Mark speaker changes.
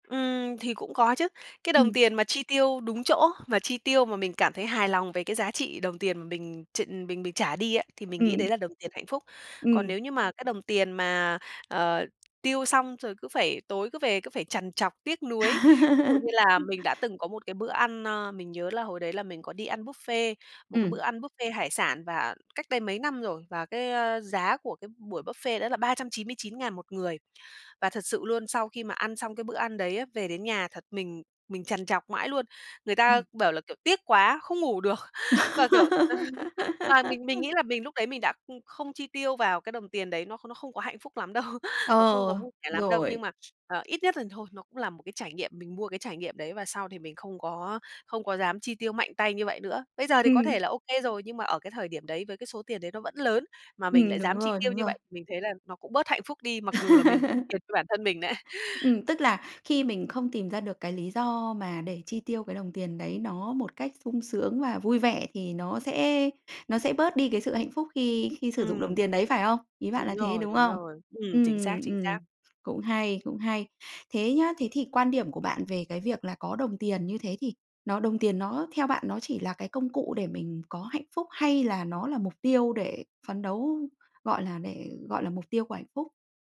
Speaker 1: Ừm, thì cũng có chứ. Cái đồng
Speaker 2: Ừm.
Speaker 1: tiền mà chi tiêu đúng chỗ, mà chi tiêu mà mình cảm thấy hài lòng về cái giá trị đồng tiền mà mình tr mình mình trả đi á, thì mình nghĩ đấy
Speaker 2: Ừm.
Speaker 1: là đồng tiền hạnh phúc. Còn
Speaker 2: Ừm.
Speaker 1: nếu như mà cái đồng tiền mà, ờ, tiêu xong rồi cứ phải tối cứ về cứ phải trằn trọc tiếc nuối, ví dụ như là mình đã từng có một cái bữa ăn, ờ, mình nhớ là hồi đấy là mình có đi ăn buffet, một cái bữa
Speaker 2: Ừm.
Speaker 1: ăn buffet hải sản và cách đây mấy năm rồi. Và cái, a, giá của cái b buổi buffet đó là 399.000 một người. Và thật sự luôn, sau khi mà ăn xong cái bữa ăn đấy á, về đến nhà thật mình mình trằn trọc mãi luôn. Người ta
Speaker 2: Ừm.
Speaker 1: bảo là, kiểu, tiếc quá, không ngủ được, và, kiểu, và mình mình nghĩ là mình lúc đấy mình đã, ừm, không chi tiêu vào cái đồng tiền đấy nó kh nó không có hạnh phúc lắm đâu, của không có
Speaker 2: Ờ,
Speaker 1: vui vẻ lắm đâu. Nhưng
Speaker 2: rồi.
Speaker 1: mà, ờ, ít nhất là thôi nó cũng là một cái trải nghiệm, mình mua cái trải nghiệm đấy và sau thì mình không có không có dám chi tiêu mạnh tay như vậy nữa. Bây giờ thì có thể
Speaker 2: Ừm.
Speaker 1: là OK rồi nhưng mà ở cái thời điểm đấy với cái số tiền đấy nó vẫn lớn, mà mình
Speaker 2: Ừm,
Speaker 1: lại
Speaker 2: đúng
Speaker 1: dám chi
Speaker 2: rồi,
Speaker 1: tiêu
Speaker 2: đúng
Speaker 1: như
Speaker 2: rồi.
Speaker 1: vậy, mình thấy là nó cũng bớt hạnh phúc đi mặc dù là mình chi tiền cho bản thân mình đấy.
Speaker 2: Ừm, tức là khi mình không tìm ra được cái lý do mà để chi tiêu cái đồng tiền đấy nó một cách sung sướng và vui vẻ, thì nó sẽ nó sẽ bớt đi cái sự hạnh phúc khi khi sử dụng đồng
Speaker 1: Ừm.
Speaker 2: tiền đấy, phải không? Ý bạn
Speaker 1: Đúng
Speaker 2: là thế,
Speaker 1: rồi,
Speaker 2: đúng
Speaker 1: đúng
Speaker 2: không?
Speaker 1: rồi. Ừm, chính
Speaker 2: Ừm,
Speaker 1: xác, chính
Speaker 2: ừm,
Speaker 1: xác.
Speaker 2: cũng hay, cũng hay. Thế nhá, thế thì quan điểm của bạn về cái việc là có đồng tiền như thế thì nó đồng tiền nó theo bạn nó chỉ là cái công cụ để mình có hạnh phúc hay là nó là mục tiêu để phấn đấu, gọi là để gọi là mục tiêu của hạnh phúc?